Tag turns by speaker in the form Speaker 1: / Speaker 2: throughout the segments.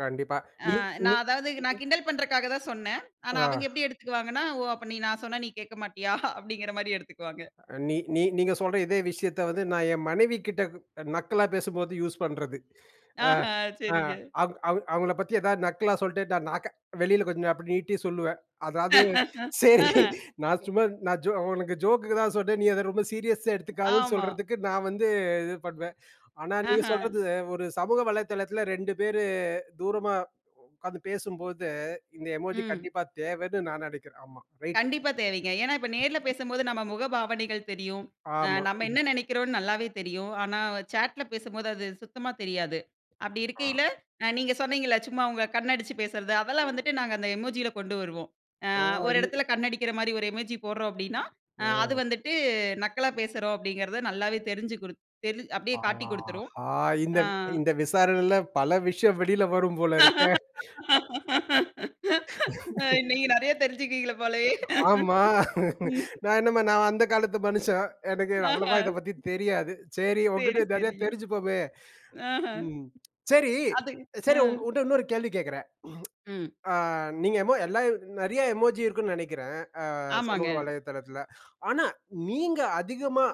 Speaker 1: கண்டிப்பா.
Speaker 2: ஆ
Speaker 1: நீ நீ
Speaker 2: நான் அதாவது நான் கிண்டல் பண்றக்காக தான் சொன்னேன். ஆனா
Speaker 1: ஆ.
Speaker 2: அவங்க எப்படி எடுத்துக்குவாங்கன்னா, "ஓ! அப்ப நீ நான் சொன்னா நீ கேட்க மாட்டீயா?" அப்படீங்கிற மாரி எடுத்துக்குவாங்க.
Speaker 1: அ நீ நீ நீங்க சொல்ற இதே விஷயத்த வந்து, நான் என் மனைவிகிட்ட க் நக்கலா பேசும்போது யூஸ் பண்றது. அ
Speaker 2: ஆஹா
Speaker 1: அ
Speaker 2: சரிங்க.
Speaker 1: அவ அவு அவுங்கள பத்தி எதாவது நக்கலா சொல்லிட்டு நான் நக்க வெளியில கொஞ்சம் அப்படி நீட்டி சொல்லுவேன். அதாவது சரி
Speaker 2: அஹ.
Speaker 1: நான் சும்மா நான் ஜோ உனக்கு ஜோக்குக்கு தான் சொன்னேன். நீ அத ரொம்ப சீரியஸா எடுத்துக்காதன்னு
Speaker 2: ஆமா.
Speaker 1: சொல்லறதுக்கு நான் வந்து இது பண்ணுவேன். ஆனா நீங்க
Speaker 2: அஹ.
Speaker 1: சொல்றது ஒரு சமூக வலைதளத்தில 2 பேரு தூரமா உட்கார்ந்து பேசும்போது இந்த எமோஜி
Speaker 2: ம்.
Speaker 1: கண்டிப்பா தேவைன்னு நான் நெனைக்கிறேன். ஆமா ரைட்டு.
Speaker 2: கண்டிப்பா தேவைங்க. ஏன்னா இப்ப நேர்ல பேசும்போது நம்ம முகபாவனைகள் தெரியும். அ
Speaker 1: ஆமா.
Speaker 2: நம்ம
Speaker 1: ம்ஹ்ம்.
Speaker 2: என்ன நெனைக்கிறோம்னு நல்லாவே தெரியும். ஆனா வ சேட்ல பேசும்போது அது சுத்தமா தெரியாது. அப்படி
Speaker 1: ஆ.
Speaker 2: இருக்கையில அ நீங்க சொன்னீங்கல்ல, சும்மா உங்க கண்ண அடிச்சு பேசுறது. அதெல்லாம் வந்துட்டு நாங்க அந்த எமோஜியில கொண்டு வருவோம். "அ
Speaker 1: ஓ!
Speaker 2: ஒரு
Speaker 1: [unintelligible]
Speaker 2: இடத்துல கண்ணடிக்கிற மாரி ஒரு எமோஜி போடுறோம்." அப்படீன்னா அ அது
Speaker 1: ஓ!
Speaker 2: வந்துட்டு, "நக்கலா பேசுறோம்." அப்படீங்கிறத நல்லாவே தெரிஞ்சு குடு தெரிஞ் அப்படியே காட்டிக் குடுத்துரும்.
Speaker 1: ஆஹா! இந்த
Speaker 2: அ,
Speaker 1: இந்த விசாரணையில பல விஷயம் வெளில வரும் போல இருக்கே.
Speaker 2: நீங்க நெறைய தெரிஞ்சுக்குவீங்க போலயே.
Speaker 1: ஆமா.
Speaker 2: ம்ஹ்ம்.
Speaker 1: நான் என்னம்மா நான் அந்த காலத்து மனுஷன். எனக்கு
Speaker 2: அஹ.
Speaker 1: அவ்வளவா இத பத்தி தெரியாது. சரி
Speaker 2: சரி,
Speaker 1: உன்கிட்ட நெறைய
Speaker 2: சரிங்க.
Speaker 1: தெரிஞ்சுப்போமே.
Speaker 2: அஹ.
Speaker 1: ம். சரி,
Speaker 2: அது
Speaker 1: சரி உங்
Speaker 2: ம்.
Speaker 1: உன்ட்ட இன்னொரு கேள்வி கேக்குறேன்.
Speaker 2: ம்.
Speaker 1: அ நீங்க எமோ எல்லா நெறைய எமோஜி இருக்கும்ன்னு நெனைக்கிறேன் அ
Speaker 2: ஆமாங்க.
Speaker 1: சமூக வலைதளத்துல. ஆனா, நீங்க அதிகமா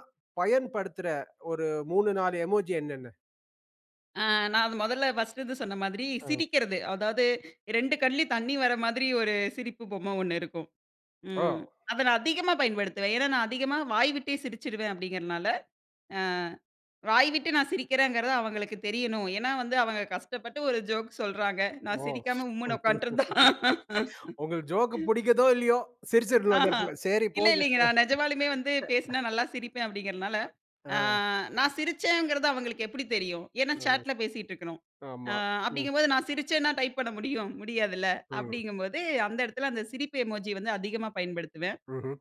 Speaker 1: பயன்படுத்துற ஒரு 3, 4 எமோஜி என்னன்னு?
Speaker 2: ஆ நான் அது மொதல்ல ஃபர்ஸ்ட்டு இது சொன்ன மாதிரி
Speaker 1: ஆ.
Speaker 2: சிரிக்கிறது, அதாவது 2 கண்லயும் தண்ணி வர மாதிரி ஒரு சிரிப்பு பொம்மை ஒண்ணு இருக்கும்.
Speaker 1: ஓ!
Speaker 2: ம். அத நான் அதிகமா பயன்படுத்துவேன். ஏன்னா, "நான் அதிகமா வாய் விட்டே சிரிச்சிருவேன்." அப்படீங்கிறனால. அ வாய் விட்டு நான் சிரிக்கிறேங்கிறது அவங்களுக்கு தெரியணும். ஏன்னா வந்து, அவங்க கஷ்டப்பட்டு ஒரு ஜோக் சொல்றாங்க. நான்
Speaker 1: ஓ!
Speaker 2: சிரிக்காம உம்முன்னு உக்கான்ட்டுருந்தா
Speaker 1: உங்களுக்கு ஜோக்கு புடிக்குதோ இல்லையோ, சிரிச்சுரணும் அந்த
Speaker 2: ஆஹா.
Speaker 1: இடத்துல. சரி
Speaker 2: இல்ல,
Speaker 1: போங்க.
Speaker 2: இல்லைங்க. "நான் நெஜமாலுமே வந்து பேசுனா நல்லா சிரிப்பேன்." அப்படீங்கிறனால அ
Speaker 1: ஆ.
Speaker 2: நான் சிரிச்சேங்கிறது அவங்களுக்கு எப்படி தெரியும்? ஏன்னா
Speaker 1: அ.
Speaker 2: சாட்ல பேசிட்டுருக்கணும். அ
Speaker 1: ஆமா. ம்.
Speaker 2: அப்படீங்கம்போது நான் சிரிச்சேன்னா, டைப் பண்ண முடியும்? முடியாதுல்ல.
Speaker 1: ம்.
Speaker 2: அப்படீங்கம்போது அந்த இடத்தில அந்த சிரிப்பு எமோஜி வந்து அதிகமா பயன்படுத்துவேன்.
Speaker 1: ம்ஹ்ம்.